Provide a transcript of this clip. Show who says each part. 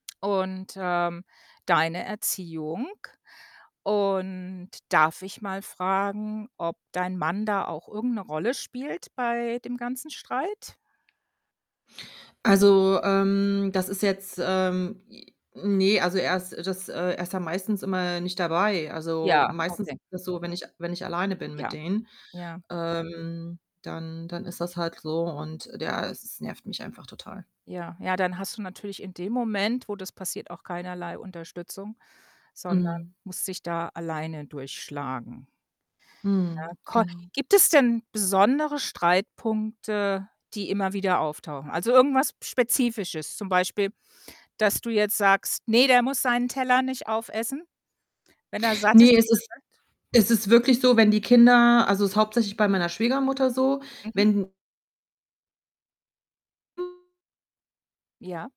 Speaker 1: Und, ähm, deine Erziehung? Und darf ich mal fragen, ob dein Mann da auch irgend 'ne Rolle spielt bei dem ganzen Streit?
Speaker 2: Also, ähm, das ist jetzt, ähm j ne, also, er ist das äh, er ist ja meistens immer nicht dabei. Also,
Speaker 1: Ja,
Speaker 2: meistens ist
Speaker 1: okay.
Speaker 2: das so, wenn ich wenn ich alleine bin mit
Speaker 1: Ja,
Speaker 2: denen,
Speaker 1: ja.
Speaker 2: ähm, dann dann ist das halt so und ja, e es nervt mich einfach total.
Speaker 1: Ja, ja, dann hast du natürlich in dem Moment, wo das passiert, auch keinerlei Unterstützung, sondern
Speaker 2: Mhm.
Speaker 1: musst dich da alleine durchschlagen.
Speaker 2: Mhm,
Speaker 1: Ja, ko
Speaker 2: genau.
Speaker 1: gibt es denn besondere Streitpunkte, die immer wieder auftauchen? Also, irgendwas Spezifisches, zum Beispiel, dass du jetzt sagst, ne, der muss seinen Teller nicht aufessen? Wenn er satt ist,
Speaker 2: Ne, es
Speaker 1: ist
Speaker 2: ist
Speaker 1: er satt?
Speaker 2: es ist wirklich so, wenn die Kinder also, ist hauptsächlich bei meiner Schwiegermutter so,
Speaker 1: Mhm.
Speaker 2: wenn
Speaker 1: Ja.